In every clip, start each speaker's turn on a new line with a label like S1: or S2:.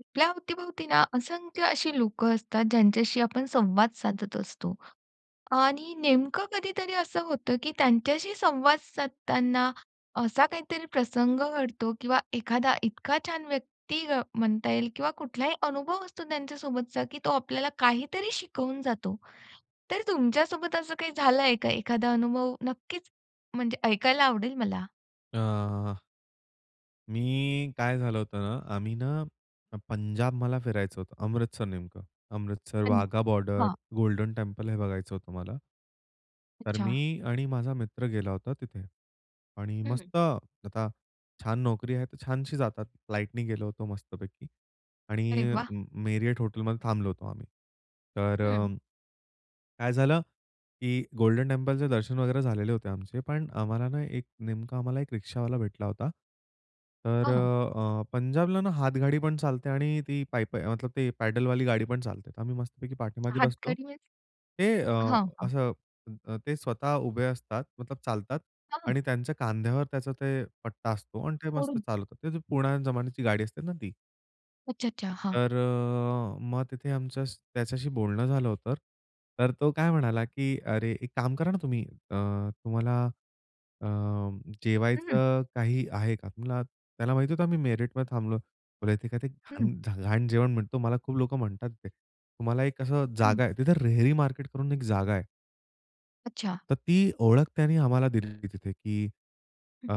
S1: आपल्या अवतीभोवती ना असंख्य अशी लोकं असतात ज्यांच्याशी आपण संवाद साधत असतो. आणि नेमकं कधीतरी असं होतं, की त्यांच्याशी संवाद साधताना असा काहीतरी प्रसंग घडतो किंवा एखादा इतका छान व्यक्ती अ, म्हणता येईल किंवा कुठलाही अनुभव असतो त्यांच्यासोबतचा, की तो आपल्याला काहीतरी शिकवून जातो. तर तुमच्यासोबत असं काही झालं आहे का एखादा अनुभव? नक्कीच म्हणजे ऐकायला आवडेल मला.
S2: अ, मी काय झालं होतं ना, आम्ही ना पंजाब मला फिरायचं होतं, अमृतसर नेमकं. अमृतसर,
S1: पण,
S2: वाघा बॉर्डर,
S1: हां.
S2: गोल्डन टेम्पल हे बघायचं होतं मला. तर
S1: अच्छा.
S2: मी आणि माझा मित्र गेलो होता. तिथे आणि
S1: हं, हं.
S2: मस्त आता छान नोकरी आहे तर छानशी जातात, फ्लाइटनी गेलो होतो मस्तपैकी.
S1: अरे
S2: आणि अ,
S1: वाह!
S2: Marriott Hotel मध्ये थांबलो होतो आम्ही. तर
S1: हं.
S2: काय झालं, की गोल्डन टेम्पलचे दर्शन वगैरे झालेले होते आमचे. पण आम्हाला ना एक नेमका, आम्हाला एक रिक्षावाला भेटला होता. तर
S1: हं, हं.
S2: अ, पंजाबला ना हातगाडी पण चालते आणि ती पायीपा आहे ते पॅडलवाली गाडी पण चालते, तर आम्ही मस्तपैकी पाठीमागे बसलो
S1: हातगाडी म्हणजे?
S2: ते
S1: हां, हां.
S2: असं अ, ते स्वतः उभे असतात मतलब चालतात
S1: हां.
S2: आणि त्यांच्या खांद्यावर त्याचा ते पट्टा असतो. आणि ते मस्त
S1: ओढून
S2: चालवतात. ते पुराण्या जमान्याची गाडी असते ना ती.
S1: अच्छा, अच्छा. हां.
S2: तर अ, मग तिथे आमचं त्याच्याशी बोलणं झालं होतं. तर तो काय म्हणाला की "अरे, एक काम करा ना तुम्ही, अ, तुम्हाला अ,
S1: हं.
S2: जेवायचं काही आहे का?" [unintelligible] त्याला माहिती होतं, आम्ही मेरठमध्ये थांबलो. बोलला इथे काय ते घाण
S1: हं.
S2: ज घाण जेवण मिळतो मला खूप लोकं म्हणतात ते. तुम्हाला एक अशी
S1: हं.
S2: जागा आहे तिथं, रेहरी मार्केट करून एक जागा आहे.
S1: अच्छा.
S2: तर ती ओळख त्यांनी आम्हाला दिलेली तिथे की
S1: हं.
S2: अ,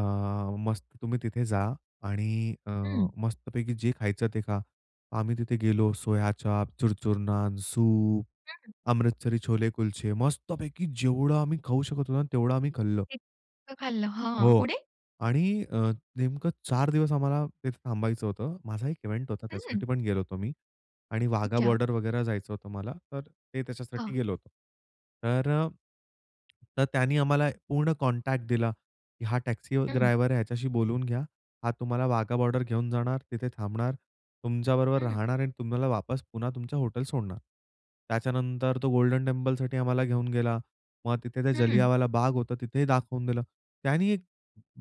S2: मस्त तुम्ही तिथे जा आणि अ,
S1: हं.
S2: मस्तपैकी जे खायचं ते खा. आम्ही तिथे गेलो सोया-चाप, चुरचुर-नान, सूप,
S1: हं.
S2: अमृतसरी छोले-कुलचे मस्तपैकी जेवढं आम्ही खाऊ शकत होतो ना, तेवढं आम्ही खाल्लं.
S1: इतकं खाल्लं, हां,
S2: हो,
S1: पुढे?
S2: आणि अ, नेमकं 4 दिवस आम्हाला तिथे थांबायचं होतं. माझा एक इव्हेंट होता,
S1: हं.
S2: त्याच्यासाठी पण गेलो होतो मी आणि वाघा
S1: अच्छा.
S2: बॉर्डर वगैरे जायचं होतं मला, तर ते त्याच्यासाठी
S1: हां.
S2: गेलो होतो. तर अ, तर त्यांनी आम्हाला पूर्ण कॉन्टॅक्ट दिला की हा टॅक्सी
S1: हं.
S2: ड्रायव्हर आहे ह्याच्याशी बोलून घ्या. हा तुम्हाला वाघा बॉर्डर घेऊन जाणार, तिथे थांबणार, तुमच्याबरोबर
S1: हं.
S2: राहणार आणि तुम्हाला वापस पुन्हा तुमच्या हॉटेल सोडणार. त्याच्यानंतर तो गोल्डन टेम्पलसाठी आम्हाला घेऊन गेला. मग तिथे त्या
S1: हं.
S2: जालियनवाला बाग होता, तिथे दाखवून दिलं. त्यांनी एक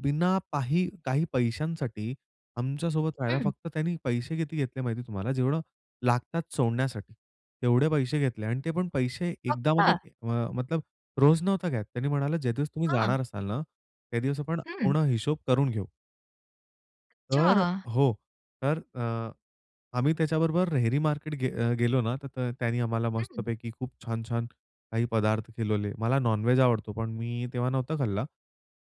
S2: बिना पाही काही पैशांसाठी आमच्यासोबत राहायला,
S1: हं.
S2: फक्त त्यांनी पैसे किती घेतले माहिती तुम्हाला? जेवढं लागतात सोडण्यासाठी. तेवढे पैसे घेतले आणि ते पण पैसे एकदा.
S1: फक्त?
S2: अ, मतलब रोज नव्हता घेत, त्यांनी म्हणालं, ज्या दिवस तुम्ही
S1: हां.
S2: जाणार असाल ना, त्या दिवस आपण
S1: हं.
S2: पूर्ण हिशोब करून घेऊ. तर अ,
S1: अच्छा!
S2: हो. तर अ, आम्ही त्याच्याबरोबर रेहरी मार्केट गे अ, गेलो ना, त तर त्याने आम्हाला
S1: हं.
S2: मस्तपैकी खूप छान-छान काही पदार्थ खिलवले. मला नॉन-व्हेज आवडतो, पण मी तेव्हा नव्हता खाल्ला.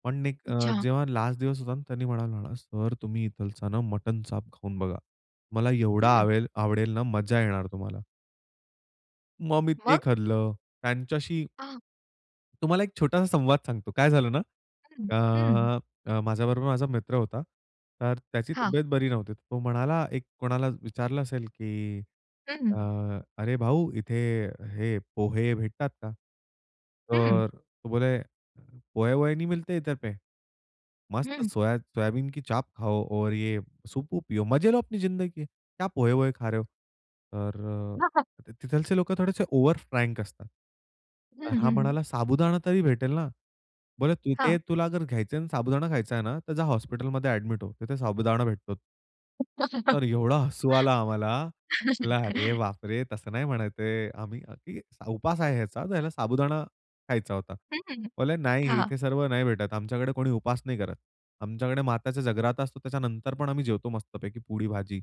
S2: पण एक अ,
S1: अच्छा.
S2: जेव्हा लास्ट दिवस होता ना, त्यांनी म्हणाला मला, "सर, तुम्ही इथला ना मटन चाप खाऊन बघा, तुम्हाला एवढा
S1: हं.
S2: आवेल आवडेल ना, मजा येणार तुम्हाला." मग मी ते
S1: मग?
S2: खाल्लं. त्यांच्याशी
S1: आह.
S2: तुम्हाला एक छोटासा संवाद सांगतो. काय झालं ना,
S1: हं. हं.
S2: अ, अ, माझ्याबरोबर माझा मित्र होता, तर त्याची
S1: हां.
S2: तब्येत बरी नव्हती. तो म्हणाला एक कोणाला विचारलं असेल की अ,
S1: हं.
S2: "अरे भाऊ, इथे हे पोहे भेटतात का?"
S1: हं.
S2: तर तो बोले, पोहा-वोहे नहीं मिलते इतर पे! मस्त
S1: हं.
S2: सोया सोयाबीन की चाप खाओ और ये सूप-वूप पियो, मजे लो अपनी जिंदगी के. क्या पोहा-वोहे खा रहे हो?" तर
S1: हां, हां.
S2: अ, तिथलचे लोकं थोडेसे ओवर फ्रैंक असतात. तर
S1: हं,
S2: हा
S1: हं.
S2: म्हणाला, "साबुदाणा तरी भेटेल ना?" बरं, "तिथे
S1: हां.
S2: तुला अगर घ्यायचय अन् साबुदाणा खायचं आहे ना, तर जा हॉस्पिटलमध्ये ॲडमिट हो. तिथे साबुदाणा भेटतो." तर एवढा हसू आला
S1: [unintelligible]
S2: आम्हाला. म्हणलं, "अरे बापरे, तसं नाही म्हणायचे आहे. आम्ही अ, की उपास आहे ह्याचा, ह्याला साबुदाणा खायचा होता."
S1: हं, हं, हं.
S2: बोलले, "नाही,
S1: हां.
S2: इथे सर्व नाही भेटत. आमच्याकडे कोणी उपास नाही करत. आमच्याकडे मात्याच्या जगराता असतो. त्याच्यानंतर पण आम्ही जेवतो मस्तपैकी पुरी-भाजी."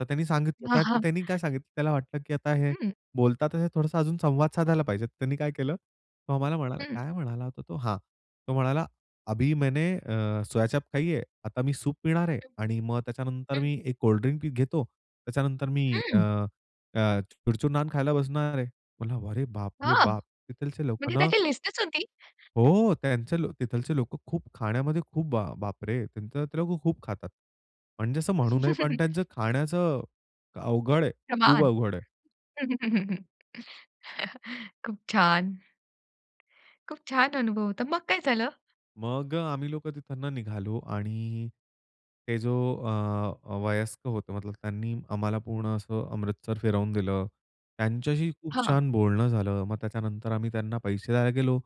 S2: तर त्यांनी सांगितलं क्य त्य
S1: आहा.
S2: त्यांनी काय सांगितलं त्याला वाटलं की आता हे
S1: हं.
S2: बोलता तर हे थोडासा अजून संवाद साधायला पाहिजे. त्यांनी काय केलं, तो आम्हाला म्हणाला,
S1: हं.
S2: काय म्हणाला होता तो? हां. तो म्हणाला, "अभी मैंने अ, सोया-चाप खाई है, आता मी सूप पिणार आहे
S1: हं,
S2: आणि मग त्याच्यानंतर
S1: हं.
S2: मी एक कोल्ड ड्रिंक पि घेतो, त्याच्यानंतर मी अ,
S1: हंम्म.
S2: अ, चुरचुर-नान खायला बसणार आहे." म्हणलं, "अरे बाप रे,
S1: हां.
S2: बाप!" तिथलचे लोक
S1: म्हणजे
S2: ना
S1: त्याची लिस्टच होती.
S2: हो. त्यांचे लो तिथलंचे लोकं खूप खाण्यामध्ये, खूप बा बापरे! त्यांचं इथं त खूप खातात. म्हणजे असं म्हणू नये, पण त्यांचं खाण्याचं अवघड आहे, खूप
S1: प्रमाण.
S2: अवघड आहे.
S1: खूप छान. खूप छान अनुभव होता. मग काय झालं?
S2: मग अ, आम्ही लोकं तिथून निघालो आणि हे जो अ, अ, वयस्क होते, मतलब त्यांनी आम्हाला पूर्ण असं अमृतसर फिरवून दिलं. त्यांच्याशी खूप
S1: हां.
S2: छान बोलणं झालं. मग त्याच्यानंतर आम्ही त्यांना पैसे द्यायला गेलो,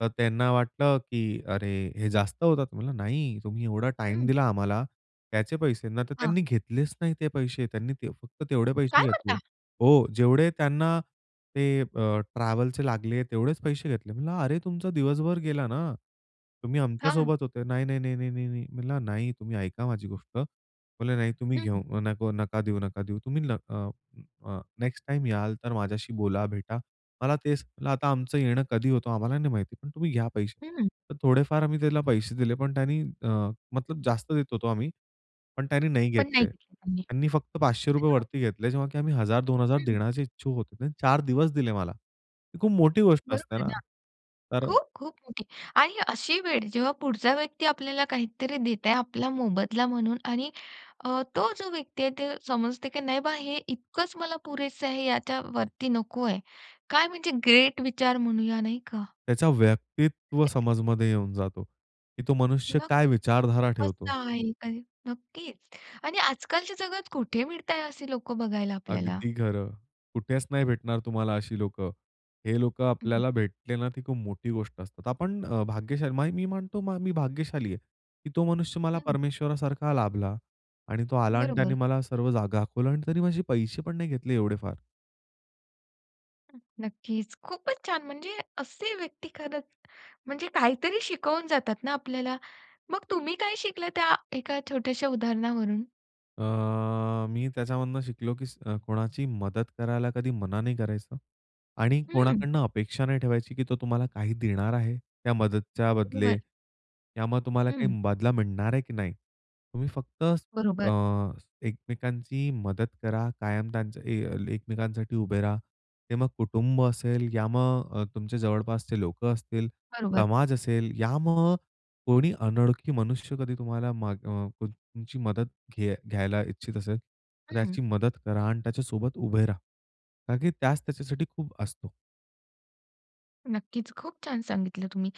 S2: तर त्यांना वाटलं, की अरे, हे जास्त होतात. म्हणलं नाही, "तुम्ही एवढा टाईम
S1: हं.
S2: दिला आम्हाला, त्याचे पैसे." नाही तर
S1: हां.
S2: त्यांनी घेतलेच नाही ते पैसे. त्यांनी ते फक्त तेवढे पैसे
S1: काय
S2: घेतले.
S1: म्हणता?
S2: हो. जेवढे त्यांना ते अ, ट्रॅव्हलचे लागले, तेवढेच पैसे घेतले. म्हटलं, "अरे, तुमचा दिवसभर गेला ना. तुम्ही
S1: हां.
S2: आमच्यासोबत होते." "नाही, नाही, नाही, नाही, नाही, नाही." म्हणलं "नाही, तुम्ही ऐका माझी गोष्ट." म्हणे, "नाही, तुम्ही
S1: हं.
S2: घेऊ नको, नका देऊ नका. देऊ, तुम्ही न अ, अ, नेक्स्ट टाईम याल, तर माझ्याशी बोला, भेटा. मला तेच" म्हणलं, "आता आमचं येणं कधी होतं, आम्हाला नाही माहिती. पण तुम्ही घ्या पैसे."
S1: हं.
S2: तर थोडेफार आम्ही त्याला पैसे दिले, पण त्यानी अ, मतलब जास्त देत होतो आम्ही, पण त्यानी नाही
S1: पण नाही
S2: घेतले.
S1: घेतलं त्यांनी.
S2: त्यांनी फक्त पाचशे
S1: हे
S2: रुपये
S1: ना.
S2: वरती घेतले, जेव्हा की आम्ही 1000-2000
S1: हं.
S2: देण्याचे इच्छूक होतो. त्याने 4 दिवस दिले मला. ही खूप मोठी गोष्ट
S1: बरोबर
S2: असते,
S1: आहे
S2: ना,
S1: ना.
S2: तर
S1: खूप-खूप मोठी. आणि अशी वेळ, जेव्हा पुढचा व्यक्ती आपल्याला काहीतरी देत आहे आपला मोबदला म्हणून आणि अ, तो जो व्यक्ती आहे, ते समजते की नाही बा, हे इतकंच मला पुरेसं आहे, याच्यावरती नको आहे. काय म्हणजे ग्रेट विचार म्हणूया, नाही का?
S2: त्याचा व्यक्तित्व समजमध्ये येऊन जातो, की तो मनुष्य
S1: मग
S2: काय विचारधारा ठेवतो.
S1: कसा आहे, काय? नक्कीच. आणि आजकालच्या जगात कुठे मिळतात असे लोकं बघायला आपल्याला.
S2: अगदी खरं. कुठेच नाही भेटणार तुम्हाला अशी लोकं. हे लोकं
S1: हं, हं.
S2: आपल्याला भेटले ना, ती खूप मोठी गोष्ट असतात. आपण अ, भाग्यशाली म मी म्हणतो म मी भाग्यशाली आहे, की तो मनुष्य मला
S1: हं.
S2: परमेश्वरासारखा लाभला. आणि तो आला आणि त्याने
S1: बरोबर.
S2: मला सर्व जागा दाखवल्या आणि त्यानी माझे पैसे पण नाही घेतले एवढे फार.
S1: अ, नक्कीच खूपच छान म्हणजे असे व्यक्ती खरंच म्हणजे काहीतरी शिकवून जातात ना आपल्याला. मग तुम्ही काय शिकलं त्या एका छोट्याश्या उदाहरणावरून?
S2: अ, मी त्याच्यामधून शिकलो की स कोणाची मदत करायला कधी मना नाही करायचं. आणि
S1: हं.
S2: कोणाकडनं अपेक्षा नाही ठेवायची की तो तुम्हाला काही देणार आहे, त्या मदतीच्या बदले.
S1: बर.
S2: त्यामुळे तुम्हाला
S1: हं.
S2: काही बदला मिळणार आहे की नाही? तुम्ही फक्त अ,
S1: बरोबर.
S2: एकमेकांची मदत करा. कायम त्यांच्या अ, एकमेकांसाठी उभे रहा. ते मग कुटुंब असेल, या मग अ, तुमचे जवळपासचे लोकं असतील,
S1: बरोबर.
S2: समाज असेल यामग कोणी अनोळखी मनुष्य कधी तुम्हाला मग अ, तुम तुमची मदत घेय अ, घ्यायला इच्छित असेल तर
S1: हं.
S2: त्याची मदत करा आणि त्याच्यासोबत उभे राहा. का की त्याच त्याच्यासाठी खूप असतो.
S1: नक्कीच. खूप छान सांगितलं तुम्ही.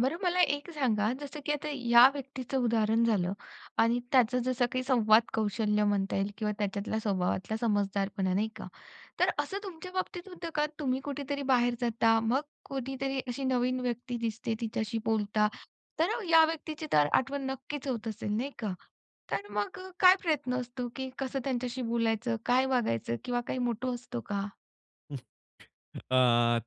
S1: बरं मला एक सांगा, जसं की आता या व्यक्तीचं उदाहरण झालं आणि त्याचं जसं काही संवाद कौशल्य म्हणता येईल किंवा त्याच्यातला स्वभावातला समजुदारपणा. नाही का? तर असं तुमच्या बाबतीत होतं का? तुम्ही कुठेतरी बाहेर जाता, मग कोणीतरी अशी नवीन व्यक्ती दिसते तिच्याशी बोलता. तर या व्यक्तीची तर आठवण नक्कीच होत असेल. नाही का? तर मग अ, काय प्रयत्न असतो की कसं त्यांच्याशी बोलायचं, काय वागायचं किंवा काय मोटो असतो का?
S2: अ,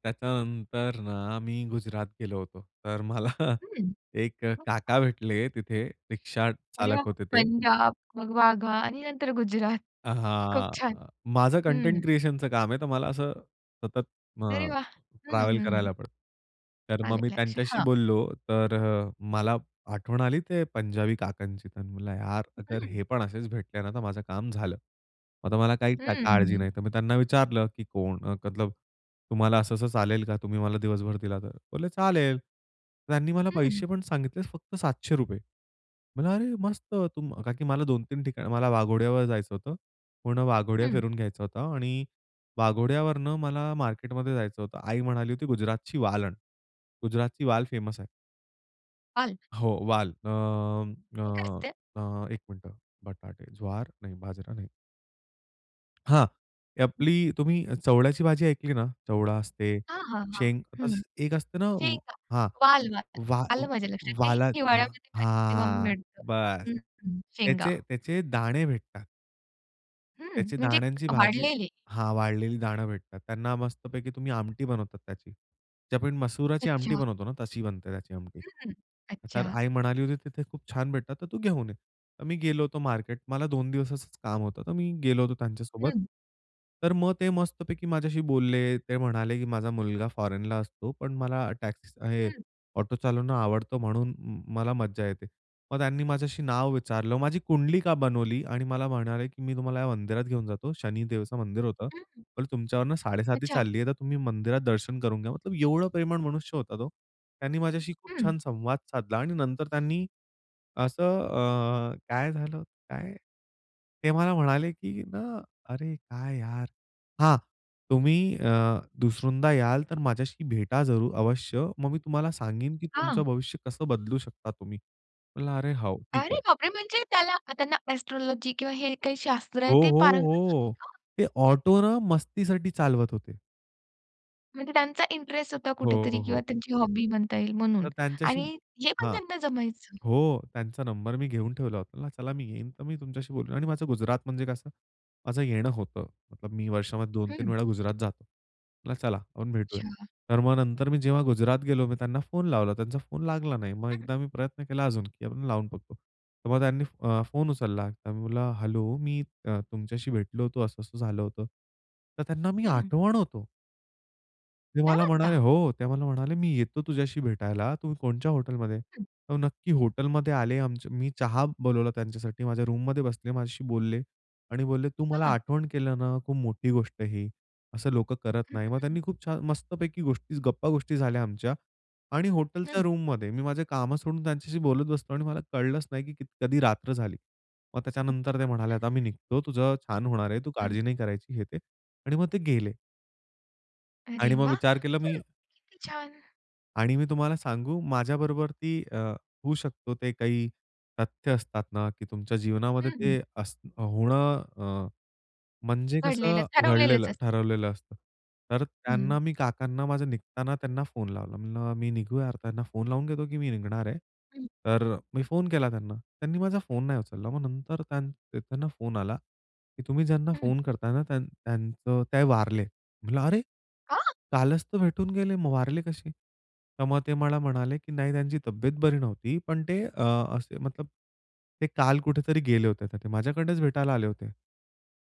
S2: त्याच्यानंतर ना मी गुजरात गेलो होतो. तर मला
S1: हं
S2: एक
S1: [unintelligible]
S2: काका भेटले तिथे रिक्षा
S1: अरे
S2: चालक
S1: वाह.
S2: होते ते.
S1: पंजाब, मग वाघा आणि नंतर गुजरात. खूप
S2: अहा.
S1: छान.
S2: माझं
S1: हं.
S2: कंटेंट क्रिएशनचं काम आहे तर मला असं सतत
S1: अरे
S2: अ,
S1: वाह! हं,
S2: ट्रॅवल
S1: हं.
S2: करायला पडतं. तर मग
S1: आले
S2: मी
S1: लक्षात.
S2: त्यांच्याशी
S1: हां.
S2: बोललो तर अ, मला आठवण आली ते पंजाबी काकांची. तर म्हणलं यार अगर
S1: हं.
S2: हे पण असेच भेटले ना तर माझं काम झालं. आता मला काही का
S1: हं,
S2: काळजी
S1: हं.
S2: नाही. तर मी त्यांना विचारलं की "कोण अ, मतलब तुम्हाला असं-असं चालेल का? तुम्ही मला दिवसभर दिला तर." बोलले "चालेल." त्यांनी मला
S1: हं.
S2: पैसे पण सांगितलेच फक्त 700 रुपये म्हणलं, "अरे मस्त तुम" का की मला 2-3 ठिकाणी मला वाघोड्यावर जायचं होतं. पूर्ण वाघोड्या
S1: हं.
S2: फिरून घ्यायचा होता आणि वाघोड्यावरनं मला मार्केटमध्ये जायचं होतं. आई म्हणाली होती, "गुजरातची वाल आण." गुजरातची वाल फेमस आहे.
S1: वाल?
S2: हो वाल. अ,
S1: हे काय
S2: अ,
S1: असते?
S2: अ, एक मिनिटं बटाटे, ज्वार नाही बाजरा नाही. हां, ते
S1: हं.
S2: आपली तुम्ही चवड्याची भाजी ऐकली ना? चवडा असते,
S1: हां, हां, हां,
S2: शेंग. आस
S1: हं.
S2: एक असते ना
S1: शेंगा.
S2: हां.
S1: वाल-वाल.
S2: वा
S1: आलं माझ्या लक्षात. हे
S2: वाला
S1: हिवाळ्यामध्ये तेव्हा
S2: हां.
S1: मिळतं.
S2: बस.
S1: हं, हं. शेंगा.
S2: त्याचे त्याचे दाणे भेटतात.
S1: हं.
S2: त्याची
S1: म्हणजे
S2: दाण्यांची भाजी.
S1: वाळलेले
S2: हा. वाळलेली दाणे भेटतात. त्यांना मस्तपैकी तुम्ही आमटी बनवता त्याची. जे आपण मसुराची आमटी
S1: अच्छा.
S2: बनवतो ना, तशी बनते त्याची आमटी.
S1: हं.
S2: तर
S1: अच्छा.
S2: आई म्हणाली होती, तिथे खूप छान भेटतात, तर तू घेऊन ये. मी गेलो होतो मार्केट मला दोन दिवसांचं काम होतं, तर मी गेलो होतो त्यांच्यासोबत.
S1: हं.
S2: तर मग ते मस्तपैकी माझ्याशी बोलले. ते म्हणाले की "माझा मुलगा फॉरेनला असतो. पण मला टॅक्सी, स हे
S1: हं.
S2: ऑटो चालवणं आवडतं, म्हणून मला म मज्जा येते. मग त्यांनी माझं नाव विचारलं, माझी कुंडलीका बनवली आणि मला म्हणाले की "मी तुम्हाला या मंदिरात घेऊन जातो." शनिदेवाचं मंदिर होतं.
S1: हं.
S2: पण "तुमच्यावरनं साडेसाती
S1: अच्छा.
S2: चालली आहे, तर तुम्ही मंदिरात दर्शन करून घ्या." मतलब एवढा प्रेमळ मनुष्य होता तो. त्यांनी माझ्याशी खूप
S1: हं.
S2: छान संवाद साधला आणि नंतर त्यांनी, असं अ, काय झालं, काय? ते मला म्हणाले की ना, अरे काय? यार! हां, "तुम्ही अ दुसऱ्यांदा याल, तर माझ्याशी भेटा जरूर अवश्य. मग मी तुम्हाला सांगेन की तुमचं
S1: हां.
S2: भविष्य कसं बदलू शकता तुम्ही?" म्हणलं, "अरे हो, ठीक
S1: अरे
S2: आहे."
S1: बापरे! म्हणजे त्याला त्यांना एस्ट्रोलॉजी किंवा हे काही शास्त्र
S2: हो,
S1: आहे ते
S2: हो,
S1: पारंगत होती
S2: हो.
S1: का?
S2: ते ऑटो ना, मस्तीसाठी चालवत होते.
S1: म्हणजे त्यांचा इंटरेस्ट होता कुठेतरी
S2: हो,
S1: किंवा
S2: हो.
S1: त्यांची हॉबी बनता येईल म्हणून
S2: तर त्यांच्याशी,
S1: आणि हे पण
S2: हां.
S1: त्यांना जमायचं?
S2: हो. त्यांचा नंबर मी घेऊन ठेवला होता. 'चला मी येईन, तर मी तुमच्याशी बोलू.' आणि माझं गुजरात म्हणजे कसं माझं येणं होतं. मी वर्षामध्ये 2-3
S1: हं.
S2: वेळा गुजरात जातो. चला आपण भेटूया.
S1: अच्छा.
S2: तर मग नंतर मी जेव्हा गुजरातला गेलो, मी त्यांना फोन लावला. त्यांचा फोन लागला नाही. मग
S1: हं.
S2: एकदा मी प्रयत्न केला अजून की आपण लावून बघू. तर मग त्यांनी अ, फोन उचलला तर म्हणला "हॅलो, मी तुमच्याशी भेटलो होतो असं-असं झालं होतं." तर त्यांना मी
S1: हं.
S2: आठवण होतो. ते
S1: काय
S2: मला
S1: म्हणता?
S2: म्हणाले हो. ते मला म्हणाले "मी येतो तुझ्याशी भेटायला. तू कोणच्या हॉटेलमधे?"
S1: हं.
S2: हो. नक्की हॉटेलमध्ये आले आमच्या मी चहा बोलवला त्यांच्यासाठी. माझ्या रूममध्ये बसले, माझ्याशी बोलले आणि बोलले "तू मला
S1: हां.
S2: आठवण केलं ना, खूप मोठी गोष्ट आहे ही. असं लोकं करत
S1: हं,
S2: नाही." मग
S1: हं, हं.
S2: त्यांनी खूप छान मस्तपैकी गोष्टी गप्पा-गोष्टी झाल्या आमच्या. आणि हॉटेलच्या
S1: हं.
S2: रूममधे मी माझं कामं सोडून त्यांच्याशी बोलत बसतो आणि मला कळलंच नाही की क कधी रात्र झाली. मग त्याच्यानंतर ते म्हणाले "आता मी निघतो. तुझं छान होणारे, तू
S1: हं.
S2: काळजी नाही करायची." हे-ते आणि मग ते गेले.
S1: अरे
S2: आणि मग
S1: वाह!
S2: विचार केला
S1: म्हणजे
S2: मी,
S1: किती छान.
S2: आणि मी तुम्हाला सांगू? माझ्याबरोबर ती अ, होऊ शकतो, ते काही तथ्य असतात ना की तुमच्या
S1: हं,
S2: जीवनामध्ये
S1: हं.
S2: ते अस होणं अ, म्हणजे कसं
S1: घडलेलंच,
S2: घडलेलं,
S1: ठरवलेलंच असं.
S2: ठरवलेलं असतं. तर
S1: हं.
S2: त्यांना मी काकांना माझं निघताना त्यांना फोन लावला. म्हणलं मी निघू या अर्थान त्यांना फोन लावून घेतो की मी निघणार आहे.
S1: हं.
S2: तर मी फोन केला त्यांना. त्यांनी माझा फोन नाही उचलला. मग नंतर त्यां त्यांना फोन आला की "तुम्ही ज्यांना
S1: हं.
S2: फोन करताय ना त्यां त्यांचं ते वारले." म्हटलं "अरे!
S1: आ
S2: कालच तर भेटून गेले. मग वारले कसे?" तर मग ते मला म्हणाले की "नाही. त्यांची तब्येत बरी नव्हती. पण ते अ, असे मतलब ते काल कुठेतरी गेले होते" ते माझ्याकडेच भेटायला आले होते.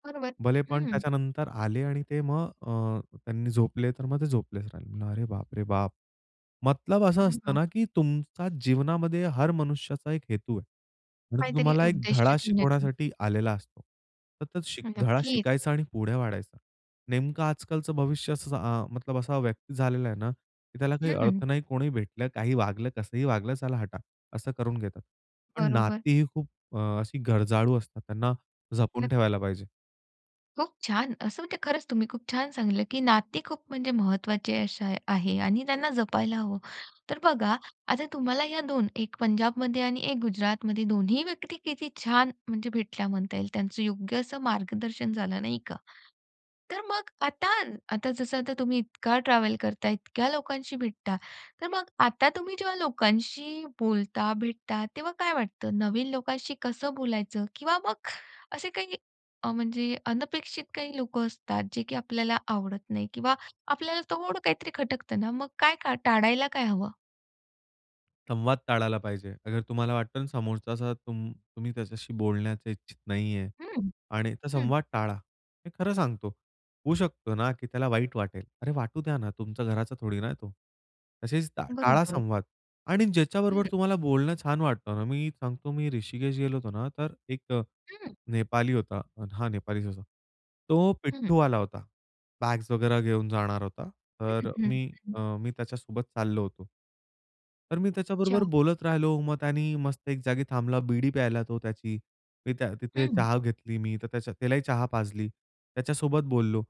S1: बरोबर.
S2: भलेपण
S1: हं.
S2: त्याच्यानंतर आले आणि ते मग अ, त्यांनी झोपले तर मग ते झोपलेच राहिले. अरे बाप रे बाप! मतलब असा असतं
S1: [unintelligible]
S2: ना, की तुमचा जीवनामध्ये हर मनुष्याचा एक हेतू आहे आणि तो
S1: काहीतरी
S2: तुम्हाला एक
S1: उद्देश
S2: धडा
S1: घेऊन येतो.
S2: शिकवण्यासाठी आलेला असतो. तर [unintelligible]
S1: हो,
S2: धडा
S1: नक्कीच.
S2: शिकायचा आणि पुढे वाढायचा. नेमकं आजकालचं भविष्य असंच अ, मतलब असा व्यक्ती झालेला आहे ना, की त्याला काही अर्थ
S1: हं.
S2: नाही कोणी भेटलं, काही वागलं कसंही वागलं चला हटा, असं करून घेतात. पण
S1: बरोबर.
S2: नाती ही खूप अ, अशी गरजाळू असतात त्यांना जपून
S1: नक्क
S2: ठेवायला पाहिजे.
S1: खूप छान! असं म्हणजे खरंच तुम्ही खूप छान सांगितलं, की नाते खूप म्हणजे महत्त्वाचे अशा आहे आणि त्यांना जपायला हवं. तर बघा आता तुम्हाला ह्या 2 1 पंजाबमध्ये आणि 1 गुजरातमध्ये 2ही व्यक्ती किती छान म्हणजे भेटल्या म्हणता येईल त्यांचं योग्य असं मार्गदर्शन झालं, नाही का? तर मग आता आता जसं आता तुम्ही इतका ट्रॅव्हल करता इतक्या लोकांशी भेटता, तर मग आता तुम्ही जेव्हा लोकांशी बोलता भेटता तेव्हा काय वाटतं? नवीन लोकांशी कसं बोलायचं किंवा मग असे काही अ, म्हणजे अनपेक्षित काही लोकं असतात जे, की आपल्याला आवडत नाही किंवा आपल्याला थोडं काहीतरी खटकतं ना, मग काय-काय टाळायला काय हवं?
S2: संवाद टाळायला पाहिजे. अगर तुम्हाला वाटतं ना समोरचा असा तुम तुम्ही त्याच्याशी बोलण्याच्या इच्छित नाहीये
S1: हं.
S2: आणि तर
S1: हं.
S2: संवाद टाळा. मी खरं सांगतो. होऊ शकतो ना की त्याला वाईट वाटेल. अरे वाटू द्या ना, तुमच्या घराचा थोडी ना तो. तसेच टा टाळा
S1: बरोबर.
S2: संवाद आणि
S1: हं.
S2: ज्याच्याबरोबर तुम्हाला बोलणं छान वाटतं ना मी सांगतो मी ऋषिकेश गेलो होतो ना तर एक
S1: हं.
S2: नेपाली होता, हा नेपालीचं होता. तो
S1: हं.
S2: पिट्टू आला होता. बॅग्स वगैरे घेऊन जाणार होता.
S1: हं,
S2: तर
S1: हं,
S2: मी
S1: हं.
S2: अ मी त्याच्यासोबत चाललो होतो. तर मी त्याच्याबरोबर
S1: अच्छा.
S2: बोलत राहिलो, मग त्यानी मस्त एक जागी थांबला. बीडी प्यायला तो त्याची. मी त्या तिथे
S1: हं.
S2: चहा घेतली मी. तर त्याच्या त्यालाही चहा पाजली. त्याच्यासोबत बोललो.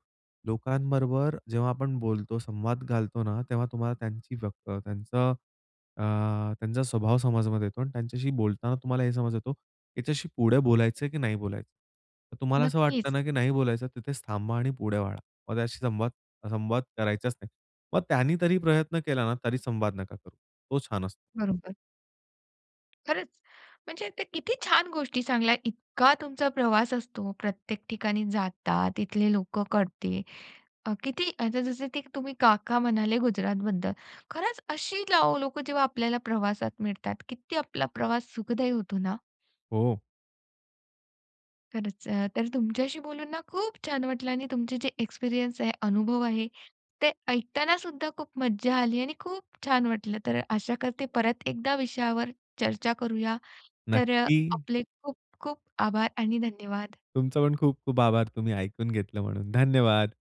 S2: लोकांबरोबर जेव्हा आपण बोलतो, संवाद घालतो ना तेव्हा तुम्हाला त्यांची व्यक्त त्त्यांचा अ स्वभाव समजमध्ये येतो आणि त्यांच्याशी बोलताना तुम्हाला हे समज येतो याच्याशी पुढे बोलायचं आहे की नाही बोलायचं? तर तुम्हाला असं वाटलं
S1: नक्कीच.
S2: ना की नाही बोलायचं तिथेच थांबा आणि पुढे वळा. मग त्याचाशी संवाद संवाद करायचाचं नाही. मग त्यांनी तरी प्रयत्न केला ना तरी संवाद नका करू. तो छान असतो.
S1: बरोबर. खरचं म्हणजे ते किती छान गोष्टी सांगल्या. इतका तुमचा प्रवास असतो प्रत्येक ठिकाणी जाता, तिथले लोकं कळते अ किती आता जसं ते तुम्ही काका म्हणाले गुजरातबद्दल. खरचं अशी लो लोकं जेव्हा आपल्याला प्रवासात मिळतात, किती आपला प्रवास सुखदायी होतो ना?
S2: हो.
S1: खरचं अ, तर तुमच्याशी बोलून ना खूप छान वाटलं आणि तुमचे जे एक्सपिरियन्स आहे, अनुभव आहे ते ऐकतानासुद्धा खूप मज्जा आली आणि खूप छान वाटलं. तर आशा करते, परत एकदा विषयावर चर्चा करूया. तर
S2: नक्की.
S1: आपले खूप खूप आभार आणि धन्यवाद.
S2: तुमचा पण खूप खूप आभार, तुम्ही ऐकून घेतलं म्हणून. धन्यवाद.